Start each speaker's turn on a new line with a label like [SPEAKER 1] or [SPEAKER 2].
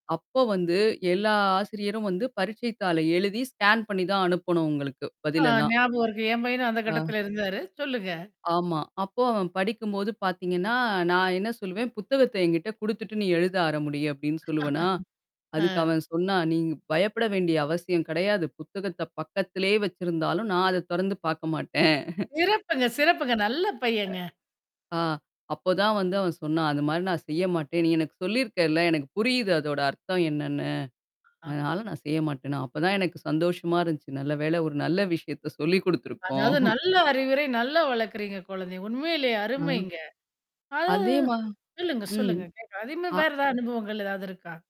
[SPEAKER 1] அப்ப வந்து எல்லா ஆசிரியரும் வந்து பரீட்சை தாளை எழுதி ஸ்கேன் பண்ணி தான் அனுப்பணும் உங்களுக்கு
[SPEAKER 2] ஆ,
[SPEAKER 1] பதிலெல்லாம்.
[SPEAKER 2] ஞாபகம் இருக்கு. என் பையனும் அந்த
[SPEAKER 1] ஆ.
[SPEAKER 2] கட்டத்துல இருந்தாரு. சொல்லுங்க.
[SPEAKER 1] ஆமா. அப்போ அவன் படிக்கும்போது பாத்தீங்கன்னா, நான் என்ன சொல்லுவேன், புத்தகத்த என்கிட்ட குடுத்துட்டு நீ எழுத ஆரம்பி அப்பிடின்னு சொல்லுவனா!
[SPEAKER 2] ஆ.
[SPEAKER 1] அதுக்கு அவன் சொன்னா, "நீங்க பயப்பட வேண்டிய அவசியம் கிடையாது. புத்தகத்த பக்கத்திலேயே வச்சிருந்தாலும் நான் அத தொறந்து பார்க்க மாட்டேன்."
[SPEAKER 2] சிறப்புங்க, சிறப்புங்க. நல்ல பையங்க.
[SPEAKER 1] அ ஆ அப்பதான் வந்து அவன் சொன்னான். அந்தமாரி நான் செய்ய மாட்டேன். நீ எனக்கு சொல்லியிருக்கள் ல, எனக்கு புரியுது அதோட அர்த்தம் என்னன்னு?
[SPEAKER 2] ஆ.
[SPEAKER 1] அதனால நான் செய்ய மாட்டேன்ன. அப்பதான் எனக்கு சந்தோஷமா இருந்துச்சு. நல்ல வேள ஒரு நல்ல விஷயத்த சொல்லிக் குடுத்துருக்கோம்.
[SPEAKER 2] அதாவது நல்ல அறிவுரை, நல்ல வளக்குறீங்க குழந்தைய. உண்மையிலேயே
[SPEAKER 1] ஆ.
[SPEAKER 2] அருமைங்க. அதா
[SPEAKER 1] அதேமா
[SPEAKER 2] சொல்லுங்க,
[SPEAKER 1] ம்.
[SPEAKER 2] சொல்லுங்க கேக் அதேமாரி
[SPEAKER 1] ஆ.
[SPEAKER 2] வேற எதா அனுபவங்கள் ஏதாவது இருக்கா?